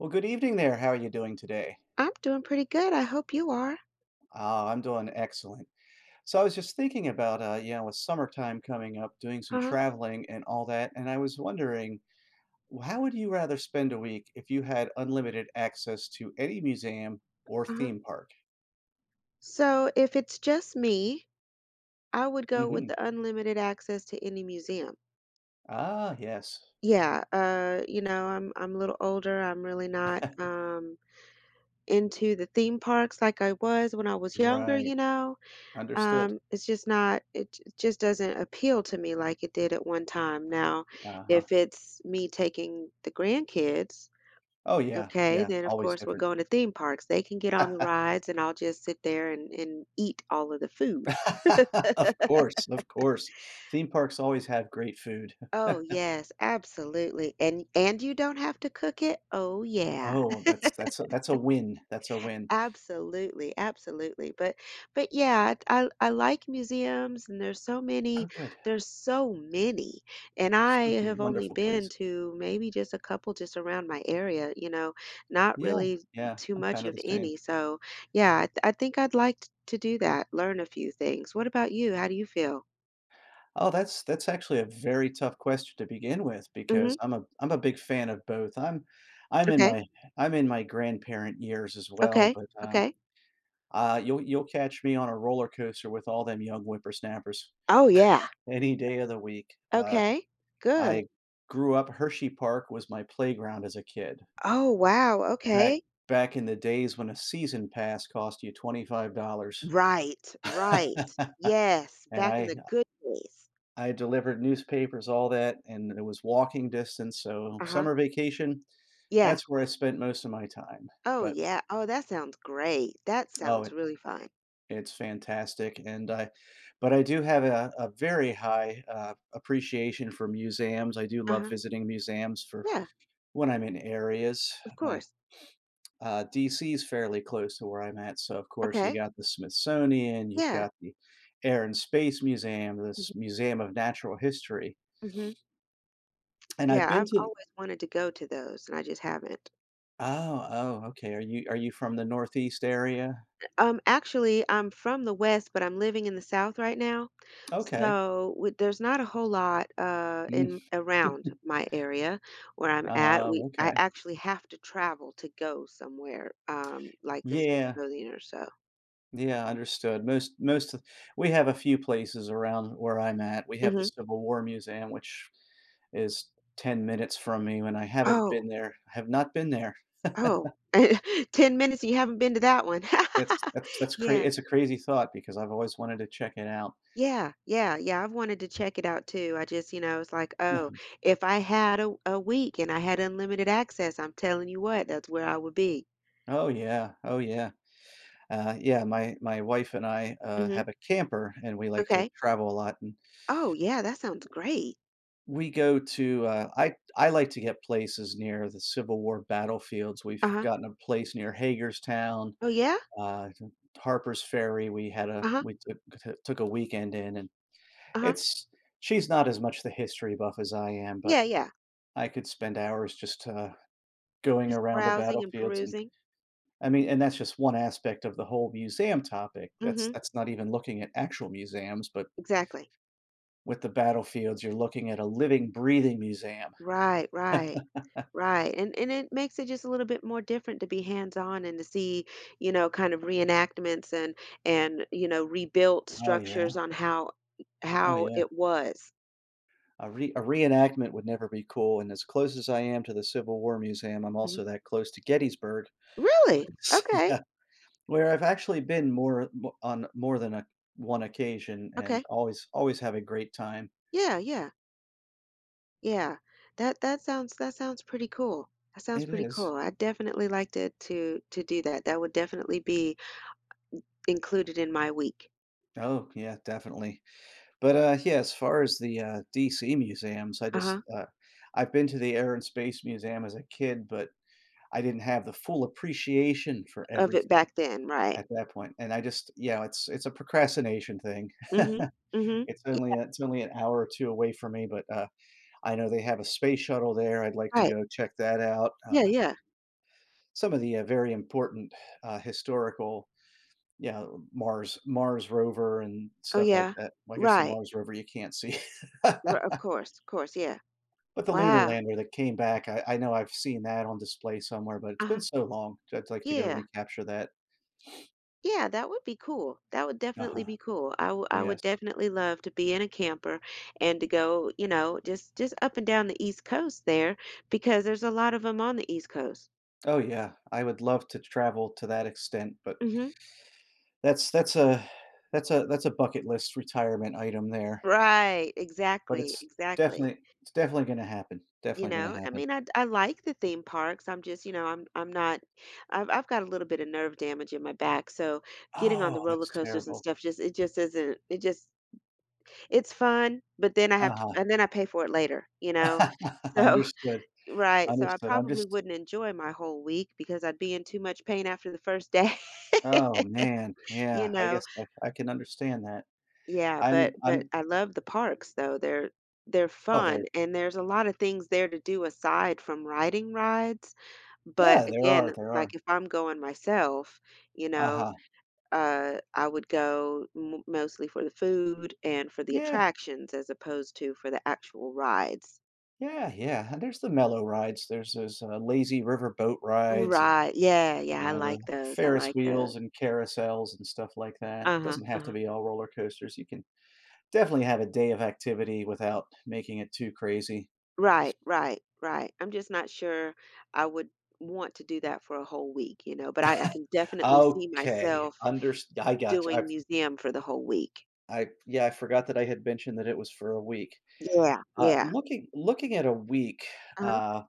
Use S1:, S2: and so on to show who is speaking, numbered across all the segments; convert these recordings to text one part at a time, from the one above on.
S1: Well, good evening, there. How are you doing today?
S2: I'm doing pretty good, I hope you are.
S1: Ah, I'm doing excellent. So, I was just thinking about, uh yeah with, summertime coming up, doing some
S2: Uh-huh.
S1: traveling and all that, and I was wondering, wh how would you rather spend a week if you had unlimited access to any museum or
S2: Uh-huh.
S1: theme park?
S2: So if it's just me, I would go with
S1: Mhm.
S2: the unlimited access to any museum.
S1: Ah, yes.
S2: Yeah, uh, you know, I'm I'm a little older, I'm really not, um, into the theme parks, like I was when I was younger,
S1: Right.
S2: you know?
S1: Understood.
S2: Um, it's just not it j just doesn't appeal to me like it did at one time. Now,
S1: Uh-huh.
S2: if it's me taking the grandkids,
S1: Oh, yeah,
S2: okay,
S1: yeah.
S2: then, of
S1: Always
S2: course, we're
S1: different.
S2: going to theme parks; they can get on the rides, and I'll just sit there and and eat all of the food.
S1: Of course, of course. Theme parks always have great food.
S2: Oh, yes. Absolutely. And and you don't have to cook it? Oh, yeah.
S1: Oh, that's that's a that's a win. That's a win.
S2: Absolutely, absolutely. But but, yeah, I I I like museums, and there's so
S1: Oh,
S2: many
S1: good.
S2: there's so many. And I
S1: Simply
S2: have only
S1: wonderful
S2: been
S1: place.
S2: to maybe just a couple just around my area, you know, not
S1: Yeah,
S2: really
S1: yeah.
S2: too
S1: I'm
S2: much
S1: kinda
S2: of
S1: the same.
S2: any, so, yeah, I I think I'd like t to do that learn a few things. What about you? How do you feel?
S1: Oh, that's that's actually a very tough question to begin with
S2: Mhm.
S1: because I'm a I'm a big fan of both. I'm I'm in
S2: Okay.
S1: my I'm in my grandparent years as well,
S2: Okay,
S1: but, um
S2: okay.
S1: Ah, you'll you'll catch me on a roller coaster with all them young whippersnappers,
S2: Oh, yeah.
S1: any day of the week. Uh
S2: Okay. Good.
S1: I grew up Hershey Park was my playground as a kid.
S2: Oh, wow,
S1: Back
S2: okay.
S1: back in the days when a season pass cost you $25.
S2: Right, right. Yes,
S1: And
S2: back in
S1: I,
S2: the
S1: uh
S2: good days.
S1: I delivered newspapers, all that, and it was walking distance, so
S2: Uh-huh.
S1: summer vacation,
S2: Yeah.
S1: that's where I spent most of my time,
S2: Oh,
S1: but
S2: yeah, oh, that sounds great. That
S1: Oh,
S2: sounds
S1: it
S2: really fun.
S1: it's fantastic, and I but I do have a a very high, uh, appreciation for museums, I do love
S2: Uh-huh.
S1: visiting museums for
S2: Yeah.
S1: when I'm in areas.
S2: Of
S1: My
S2: course.
S1: uh, DC is fairly close to where I'm at, so, of course, you
S2: Okay.
S1: got the Smithsonian, you've
S2: Yeah.
S1: got the Air and Space Museum, this
S2: Mhm.
S1: Museum of Natural History.
S2: Mhm.
S1: And I've
S2: Yeah,
S1: been
S2: I've
S1: to
S2: always wanted to go to those, and I just haven't.
S1: Oh, oh, okay. Are you are you from the Northeast area?
S2: Um, actually, I'm from the West, but I'm living in the South right now,
S1: Okay.
S2: so wi there's not a whole lot, uh,
S1: Mm.
S2: in around my area where I'm at.
S1: Oh,
S2: We I
S1: okay.
S2: actually have to travel to go somewhere, um, like this. [unintelligible]
S1: Yeah.
S2: Or so
S1: Yeah, understood, most most th we have a few places around where I'm at. We have
S2: Mhm.
S1: this civil war museum, which is 10 minutes from me when I haven't
S2: Oh.
S1: been there, I have not been there.
S2: Oh, 10 minutes, you haven't been to that one.
S1: It's that's that's cra
S2: Yeah.
S1: it's a crazy thought because I've always wanted to check it out.
S2: Yeah, yeah, yeah, I've wanted to check it out too, I just you know, it's like, oh, if I had a a week and I had unlimited access, I'm telling you what, that's where I would be.
S1: Oh, yeah, oh, yeah, uh, yeah. My my wife and I, uh,
S2: Mhm.
S1: have a camper, and we like to
S2: Okay.
S1: travel a lot an
S2: Oh, yeah, that sounds great.
S1: We go to, uh I I like to get places near the Civil War battlefields. We've
S2: Uh-huh.
S1: gotten a place near Hagerstown,
S2: Oh, yeah?
S1: uh, Harpers Ferry, we had a
S2: Uh-huh.
S1: we took to took a weekend in, and
S2: Uh-huh.
S1: it's she's not as much the history buff as I am, but
S2: Yeah, yeah.
S1: I could spend hours just, uh, going
S2: Just
S1: around the
S2: browsing and
S1: battlefields, and
S2: perusing.
S1: I mean and that's just one aspect of the whole museum topic, that's
S2: Mhm.
S1: that's not even looking at actual museums, but
S2: Exactly.
S1: with the battlefields, you're looking at a living, breathing museum.
S2: Right, right. Right, and and it makes it just a little bit more different to be hands on and to see, you know, kinda reenactments and and, you know, rebuilt
S1: Oh, yeah.
S2: structures on how
S1: Oh,
S2: how
S1: yeah.
S2: it was.
S1: A re a reenactment would never be cool, and as close as I am to the Civil War Museum, I'm
S2: Mhm.
S1: also that close to Gettysburg
S2: Really? Okay.
S1: yeah, where I've actually been more more on than a 1 occasion and
S2: Okay.
S1: always always have a great time.
S2: Yeah, yeah. Yeah. That that sounds that sounds pretty cool. That sounds
S1: It
S2: pretty
S1: is.
S2: cool, I'd definitely like to to to do that. That would definitely be in included in my week.
S1: Oh, yeah, definitely but, uh, yeah, as far as the, uh, DC Museums, I just,
S2: Uh-huh.
S1: uh I've been to the Air and Space Museum as a kid, but I didn't have the full appreciation for
S2: Of it
S1: everything
S2: back then, right.
S1: at that point, and I just yeah, it’s it's a procrastination thing.
S2: Mhm, mhm.
S1: It's only
S2: Yeah.
S1: it's only an hour or two away from me, but, uh, I know they have a space shuttle there, I'd like to
S2: Right.
S1: go check that out,
S2: Yeah,
S1: uh
S2: yeah.
S1: some of the, uh, very important, uh, historical, you know, Mars Mars rover and
S2: Oh
S1: stuff like
S2: yeah.
S1: that well, I guess the
S2: Right.
S1: Mars rover, you can't see
S2: Ri of course, of course, yeah.
S1: but the Lunar
S2: Wow!
S1: lander that came back, I I know I've seen that on display somewhere, but it's been
S2: Uh-huh.
S1: so long, so I'd like to go
S2: Yeah.
S1: recapture that.
S2: Yeah, that would be cool. That would definitely
S1: Uh-huh.
S2: be cool. I wou I
S1: Yes.
S2: would definitely love to be in a camper and to go, you know, just just up and down the East Coast, there, because there's a lot of 'em on the East Coast.
S1: Oh, yeah. I would love to travel to that extent, but
S2: Mhm.
S1: that's that's a that's a that's a bucket list retirement item there.
S2: Right.
S1: But
S2: Exactly,
S1: it's
S2: exactly.
S1: definitely it's definitely gonna happen,
S2: You
S1: definitely gonna
S2: know? I
S1: happen.
S2: mean, I'd I like the theme parks. I'm just, you know I'm I'm not I've I've got a little bit of nerve damage in my back, so, getting on the
S1: Oh,
S2: roller
S1: that's
S2: coasters and
S1: terrible.
S2: stuff just it just isn't it just it's fun, but then I have to
S1: Uh-huh.
S2: and then I pay for it later, you know? So
S1: Understood.
S2: Right. So, I
S1: Understood, I'm
S2: probably
S1: just
S2: wouldn't enjoy my whole week because I'd be in too much pain after the first day.
S1: Oh, man.
S2: You
S1: Yeah, I
S2: know?
S1: guess I I can understand that.
S2: Yeah,
S1: I'm
S2: but but
S1: I'm
S2: I love the parks, though. They're they're
S1: Oh,
S2: fun,
S1: there
S2: and there's a lotta things there to do aside from riding rides, but,
S1: Yeah, there
S2: again,
S1: are, there
S2: like,
S1: are.
S2: if I'm going myself, you know,
S1: Uh-huh.
S2: uh, I would go m mostly for the food and for the
S1: Yeah.
S2: attractions as opposed to for the actual rides.
S1: Yeah, yeah. There's the mellow rides, there's those, uh, lazy river boat rides and,
S2: Right. Yeah,
S1: you
S2: yeah, I
S1: know, the
S2: like those, I
S1: Ferris
S2: like tho
S1: wheels and carousels and stuff like that,
S2: Uh-huh.
S1: doesn't have to
S2: Uh-huh.
S1: be all roller coasters, you can definitely have a day of activity without making it too crazy.
S2: Right, right, right. I'm just not sure I would want to do that for a whole week, you know? But I I can definitely see
S1: Okay.
S2: myself
S1: Unders I gotcha,
S2: doing
S1: I've
S2: museum for the whole week.
S1: I yeah, I forgot that I had mentioned that it was for a week.
S2: Yeah,
S1: Uh,
S2: yeah.
S1: looking looking at a week,
S2: Uh-huh.
S1: uh,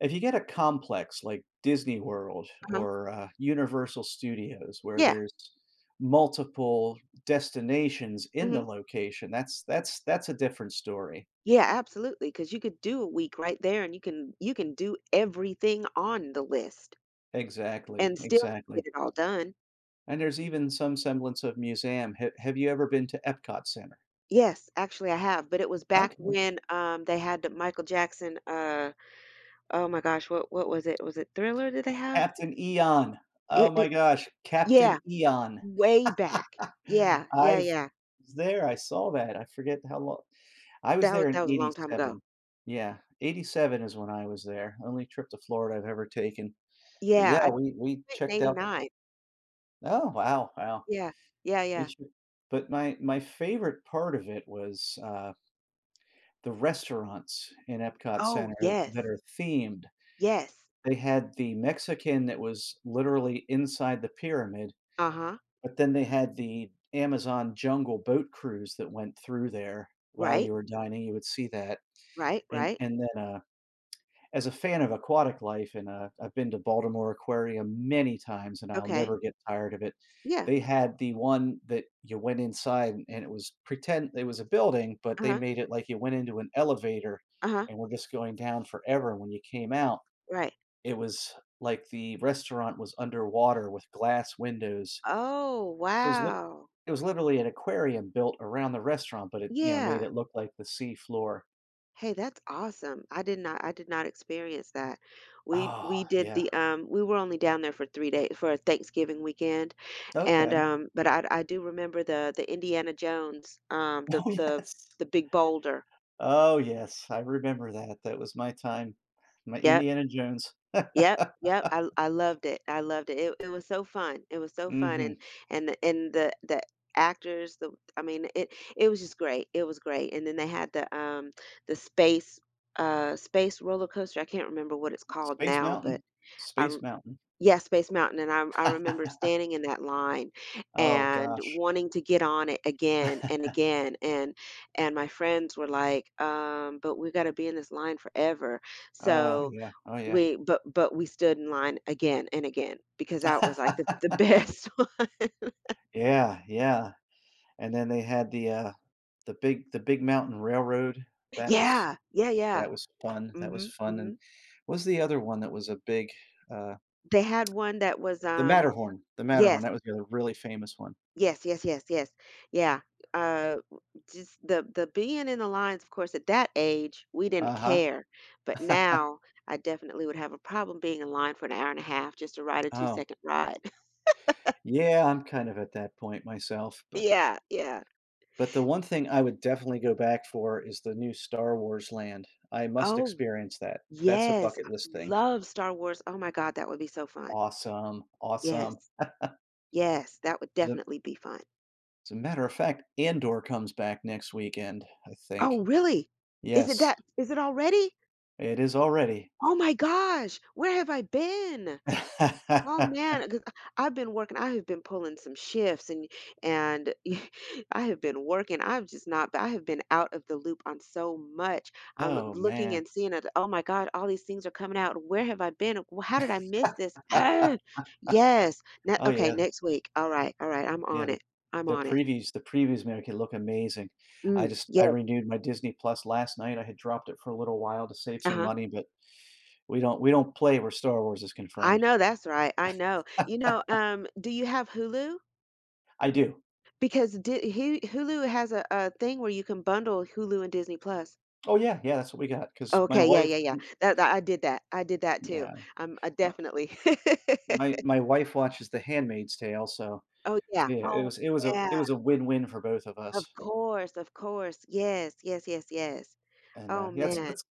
S1: if you get a complex like Disney World
S2: Uh-huh.
S1: or, uh, Universal Studios, where
S2: Yeah.
S1: there's multiple destinations in the
S2: Mhm.
S1: location, that's that's that's a different story.
S2: Yeah, absolutely, 'cause you could do a week right there, and you can you can do everything on the list
S1: Exactly,
S2: and still get
S1: exactly.
S2: it all done.
S1: And there's even some semblance of museum, h have you ever been to EPCOT Center?
S2: Yes, actually, I have, but it was back
S1: Okay.
S2: when, um, they had Michael Jackson, uh oh my gosh, what what was it, was it Thriller did they have?
S1: Captain Eon, oh
S2: It
S1: my
S2: it
S1: gosh, Captain
S2: Yeah.
S1: Eon.
S2: Way back. Yeah. Yeah,
S1: I've
S2: yeah.
S1: was there, I saw that, I forget how lo I was
S2: That wa
S1: there in
S2: that was a long time ago.
S1: '87, yeah, '87 is when I was there, only trip to Florida I've ever taken, but,
S2: Yeah, I
S1: yeah, we we
S2: went in
S1: checked out
S2: '89.
S1: Oh, wow, wow.
S2: Yeah. Yeah,
S1: We
S2: yeah.
S1: should but my my favorite part of it was, uh The restaurants in EPCOT
S2: Oh,
S1: Center that
S2: yes.
S1: are themed.
S2: Yes.
S1: They had the Mexican that was literally inside the pyramid,
S2: Uh-huh.
S1: but then they had the Amazon jungle boat cruise that went through there while
S2: Right.
S1: you were dining, you would see that,
S2: Right,
S1: and
S2: right.
S1: and then, uh, as a fan of aquatic life, and uh, I've been to Baltimore Aquarium many times, and I'll
S2: Okay.
S1: never get tired of it,
S2: Yeah.
S1: they had the one that you went inside, and it was pretend it was a building, but they
S2: Uh-huh.
S1: made it like you went into an elevator
S2: Uh-huh.
S1: and were just going down forever, and when you came out,
S2: Right.
S1: it was like the restaurant was underwater with glass windows.
S2: Oh,
S1: So, it was lit
S2: wow!
S1: it was literally an aquarium built around the restaurant, but it, you know, made
S2: Yeah.
S1: it look like the seafloor.
S2: Hey, that's awesome. I did not I did not experience that. We
S1: Oh,
S2: we did
S1: yeah.
S2: the, um we were only down there for 3 day for, uh, Thanksgiving weekend, and,
S1: Okay.
S2: um, but I d I do remember the the Indiana Jones, um, the
S1: Oh,
S2: the
S1: yes.
S2: the big boulder.
S1: Oh, yes, I remember that, that was my time. My
S2: Yep.
S1: Indiana Jones.
S2: Yep, yep. I l I loved it, I loved it, it it was so fun, it was so fun, and
S1: Mhm.
S2: and th and the the actors, the w I mean, it it was just great, it was great, and then they had the, um, the space, uh space roller coaster, I can't remember what it's called
S1: Space
S2: now, but
S1: Mountain.
S2: I
S1: Space
S2: r
S1: Mountain.
S2: Yeah, Space Mountain, and I I remember standing in that line
S1: Oh,
S2: and
S1: gosh.
S2: wanting to get on it again and again, and and my friends were, like, "Um, but we gotta be in this line forever,"
S1: Oh,
S2: so,
S1: yeah, oh, yeah.
S2: we but but we stood in line again and again because that was, like, the the best one.
S1: Yeah, yeah, and then they had the, uh the big the big mountain railroad, that was
S2: Yeah! Yeah, yeah.
S1: that was fun, that was
S2: Mhm,
S1: fun, and
S2: mhm.
S1: what's the other one that was a big, uh
S2: They had one that was,
S1: The
S2: um
S1: Matterhorn. The Matterhorn,
S2: Yes.
S1: that was the other really famous one.
S2: Yes, yes, yes, yes. Yeah, uh, w just the the being in the lines, of course, at that age, we didn't
S1: Uh-huh.
S2: care, but now I definitely would have a problem being in line for an hour and a half just to ride a
S1: Oh.
S2: two-second ride.
S1: Yeah, I'm kind of at that point myself, but
S2: Yeah, yeah.
S1: but the one thing I would definitely go back for is the new Star Wars land. I must
S2: Oh
S1: experience that. That's a
S2: Yes. I
S1: bucket-list thing.
S2: love Star Wars, oh my god, that would be so fun.
S1: Awesome. Awesome.
S2: Yes. Yes, that would
S1: As a
S2: definitely be fun.
S1: As a matter of fact, Andor comes back next weekend, I think.
S2: Oh, really? Is it
S1: Yes.
S2: that is it already?
S1: It is already.
S2: Oh my gosh, where have I been?! Oh, man, g ah, I've been working, I have been pulling some shifts, an y and I have been working, I'm just not b I have been out of the loop on so much. I'm, uh,
S1: Oh,
S2: looking
S1: man.
S2: and seeing at, oh my god, all these things are coming out, where have I been? Uh, w how did I miss this? Yes, ne
S1: Oh,
S2: Okay,
S1: yeah.
S2: next week, alright, alright, I'm
S1: Yeah,
S2: on
S1: the
S2: it. I'm
S1: the
S2: on it.
S1: previews the previews, man, it can look amazing. I
S2: Mm,
S1: just I
S2: yes.
S1: renewed my Disney+ last night, I had dropped it for a little while to save some
S2: Uh-huh.
S1: money, but we don't we don't play where Star Wars is
S2: I
S1: confirmed.
S2: know that's right, I know. You know, um, do you have Hulu?
S1: I do.
S2: Because Di he Hulu has a a thing where you can bundle Hulu and Disney+.
S1: Oh yeah, yeah, that's what we got, 'cause
S2: Oh
S1: my
S2: okay, yeah,
S1: wife
S2: yeah, yeah,
S1: y
S2: that that I did that, I did that too,
S1: yeah,
S2: um, uh,
S1: my
S2: definitely.
S1: My my wife watches The Handmaid's Tale, so
S2: Oh yeah,
S1: yeah, it
S2: oh
S1: was it was a
S2: yeah!
S1: it was a win-win for both of
S2: Of
S1: us
S2: course, of course, yes, yes, yes, yes,
S1: and, uh,
S2: oh
S1: yeah that's
S2: man.
S1: that's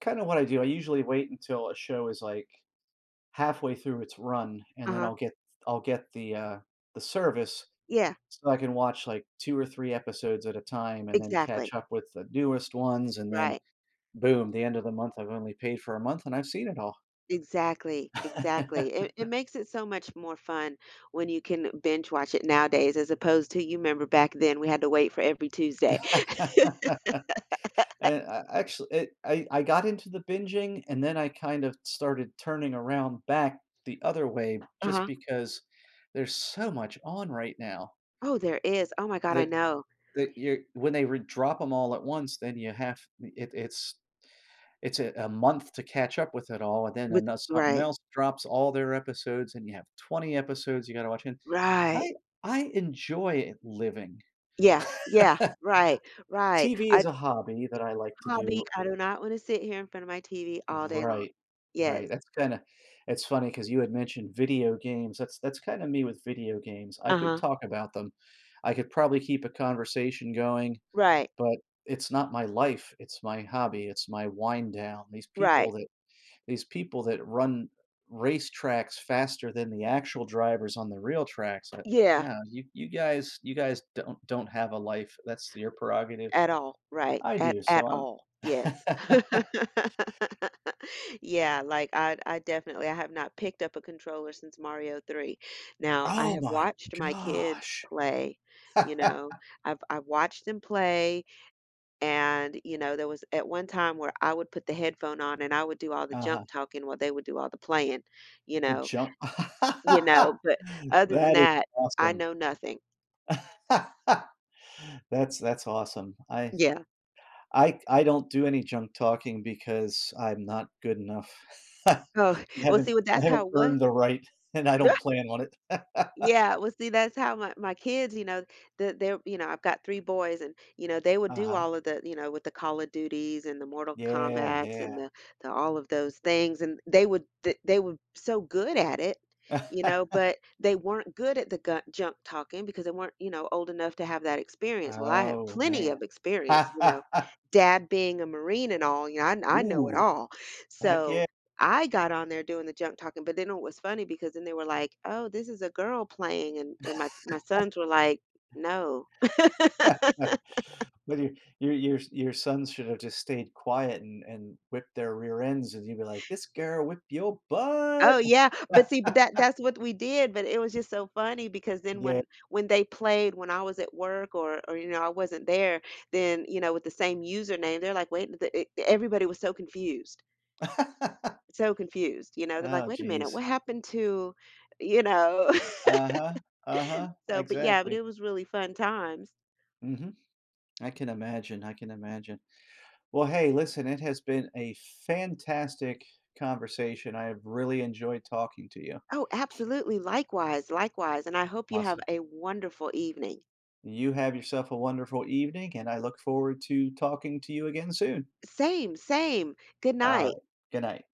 S1: kinda what I do, I usually wait until a show is, like, halfway through its run, and then
S2: Uh-huh.
S1: I'll get I'll get the uh the service
S2: Yeah.
S1: so I can watch, like, 2 or 3 episodes at a time and then catch
S2: Exactly.
S1: up with the newest ones, and then,
S2: Right.
S1: boom, the end of the month, I've only paid for a month and I've seen it all.
S2: Exactly, exactly, it it makes it so much more fun when you can binge watch it nowadays as opposed to you 'member back then, we had to wait for every Tuesday.
S1: And I I actually, it I I got into the binging, and then I kind of started turning around back the other way just
S2: Uh-huh.
S1: because there's so much on right now
S2: Oh, there is oh my god, I
S1: that
S2: know.
S1: that you're when they wou drop 'em all at once, then ya have it it's it's a a month to catch up with it all, and then an
S2: With
S1: something
S2: right.
S1: else drops all their episodes, and you have 20 episodes you gotta watch again-
S2: Right.
S1: I I enjoy living.
S2: Yeah, yeah, right, right
S1: TV
S2: I
S1: is
S2: It's
S1: a hobby that I like
S2: a
S1: to
S2: hobby,
S1: do.
S2: I do not wanna sit here in front of my TV all day long.
S1: Right, right,
S2: Yes.
S1: that's kinda it's funny 'cause you had mentioned video games, that's that's kinda me with video games, I could
S2: Uh-huh.
S1: talk about them, I could probably keep a conversation going,
S2: Right.
S1: but it's not my life, it's my hobby, it's my wind-down these people
S2: Right.
S1: that these people that run racetracks faster than the actual drivers on the real tracks, eh
S2: Yeah.
S1: no, you you guys you guys don't don't have a life, that's your prerogative,
S2: At all, right.
S1: I
S2: At
S1: do, so
S2: at
S1: I'm
S2: all, yes. Yeah, like, I I definitely I have not picked up a controller since Mario 3. Now, I
S1: Oh
S2: have
S1: my
S2: watched my kids
S1: gosh.
S2: play, you know? I've I've watched them play, and, you know, there was at one time where I would put the headphone on and I would do all the
S1: Uh-huh.
S2: junk-talking while they would do all the playing, you
S1: The
S2: know?
S1: jun
S2: You know? But other than
S1: that is
S2: that, I
S1: awesome.
S2: know nothing.
S1: That's that's awesome. I
S2: Yeah.
S1: I I don't do any junk-talking, because I'm not good enough. I
S2: Oh, let's
S1: haven't
S2: see, well,
S1: I
S2: that's
S1: haven't
S2: how it wa
S1: earned the right, and I don't plan on it.
S2: Yeah, well, see, that's how my my kids, you know, the they're you know, I've got three boys and, you know, they would do
S1: Uh-huh.
S2: all of the you know, with the Call of Duties and the Mortal
S1: Yeah,
S2: Kombats and
S1: yeah.
S2: the the all of those things, and they were they they were so good at it, you know? But, they weren't good at the ga junk-talking, because they weren't, you know, old enough to have that experience- well, I have
S1: Oh,
S2: plenty
S1: man.
S2: of experience, you know? Dad being a Marine and all, I I know it
S1: Ooh,
S2: all-
S1: heck
S2: so,
S1: ye
S2: I got on there doing the junk-talking, but they know it was funny, because then they were like, "Oh, this is a girl playing," and and my my sons were like, "No."
S1: But your your your your your sons should have just stayed quiet and and whipped their rear ends, and you'd like, "This girl whip yo
S2: Oh,
S1: butt!"
S2: yeah, but see, but that that's what we did, but it was just so funny, because then
S1: Yea
S2: when when they played when I was at work or or, you know, I wasn't there, then, you know, with the same username, they're like, "Wait, the eh the" everybody was so confused so confused, you know, they're like,
S1: Oh,
S2: "Wait a minute,
S1: jeez.
S2: what happened to" you know?
S1: Uh-huh, uh-huh,
S2: So, but yeah but
S1: exactly.
S2: it was really fun times.
S1: Mhm. I can imagine, I can imagine. Well, hey, listen, it has been a fantastic conversation, I have really enjoyed talking to you.
S2: Oh, absolutely, likewise, likewise, and I hope you have
S1: Awesome.
S2: a wonderful evening.
S1: You have yourself a wonderful evening, and I look forward to talking to you again soon.
S2: Same, same, good night.
S1: Alright, good night.